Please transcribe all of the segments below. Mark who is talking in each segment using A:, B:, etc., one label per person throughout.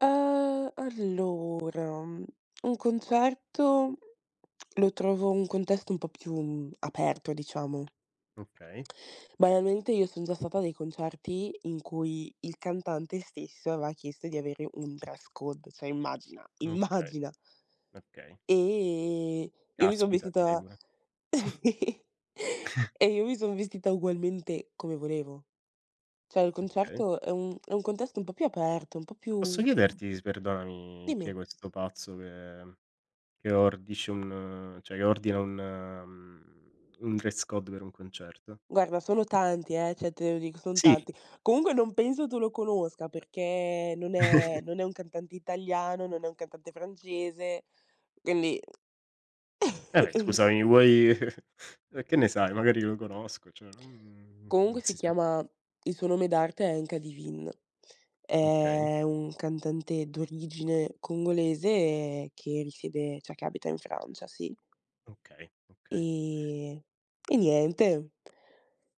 A: Ehm, allora, un concerto, lo trovo un contesto un po' più aperto diciamo.
B: Okay.
A: Banalmente, io son già stata dei concerti, in cui il cantante stesso, aveva chiesto di avere un dress code, cioè, immagina,
B: Okay,
A: immagina.
B: okay.
A: E io mi son
B: Caspita dire
A: vestita
B: pure.
A: e io mi sono vestita ugualmente come volevo. Cioè, il
B: Okay.
A: concerto è un è un contesto, un po' più aperto, un po'
B: Posso
A: più
B: chiederti, s perdonami chi è
A: Dimmi.
B: questo pazzo che che ordisce un cioè, che ordina un mhmm, un dress code per un concerto?
A: Guarda, sono tanti, eh, cioè te lo dico, son
B: Sì.
A: tanti. Comunque non penso tu lo conosca, perché non è non è un cantante italiano, non è un cantante francese, quindi
B: Vabbè scusami, vuoi che ne sai, magari lo conosco, cioè, mhmm, non
A: Comunque si
B: si sa.
A: chiama il suo nome d'arte è NK DIVINE.
B: Okay.
A: È un cantante d'origine congolese, che risiede cioè, che abita in Francia, sì.
B: Okay, okay.
A: Eh, e niente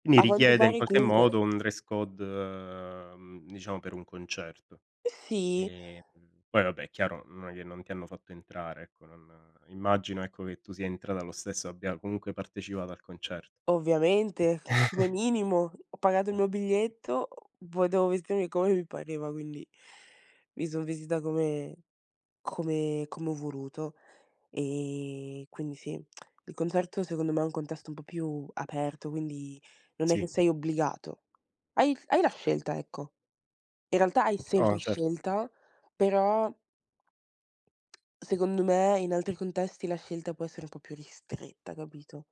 B: Mi
A: A quanto
B: richiede in
A: pare
B: qualche
A: comunque
B: modo, un dress code uhm, diciamo per un concerto.
A: Eh sì.
B: Ehm, poi vabbè è chiaro, non glie non ti hanno fatto entrare, ecco, non immagino, ecco, che tu sia entrata lo stesso, abbia comunque partecipato al concert
A: Ovviamente, come minimo. Ho pagato il
B: Eh.
A: mio biglietto, poi devo vestirmi come mi pareva, quindi, mi son vestita come come come ho voluto. Ehm, quindi sì, il concerto secondo me è un contesto un po' più aperto, quindi non è che
B: Sì.
A: sei obbligato. Hai hai la scelta, ecco. In realtà hai
B: O,
A: sempre
B: cert
A: scelta, però secondo me, in altri contesti, la scelta può essere un po' più ristretta, capito?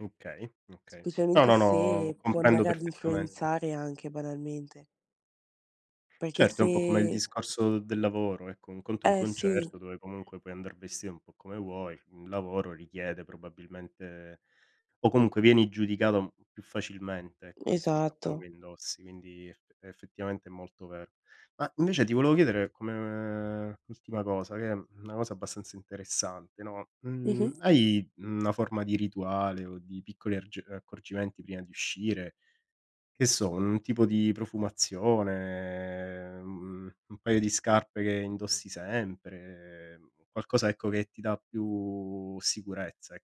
B: Okay, okay. No,
A: Specialmente
B: no, no,
A: se, può
B: comprendo
A: andare ad
B: perfettamente.
A: influenzare anche banalmente. Perché
B: Certo, è un
A: se
B: po' come il discorso del lavoro, ecco, un conto è un
A: Eh, sì.
B: concerto, dove comunque puoi andar vestito un po' come vuoi, un lavoro richiede probabilmente o comunque vieni giudicato più facilmente, ecco, rispetto a quello
A: Esatto.
B: che indossi, quindi effe effettivamente è molto vero. Ma invece ti volevo chiedere, come ultima cosa, che è una cosa abbastanza interessante, no, mhmm,
A: Mh-mh.
B: hai, mhmm, una forma di rituale, o di piccoli argi uhm, accorgimenti prima di uscire? Che so, un tipo di profumazione, ehm, u un paio di scarpe che indossi sempre, qualcosa, ecco, che ti dà più sicurezza e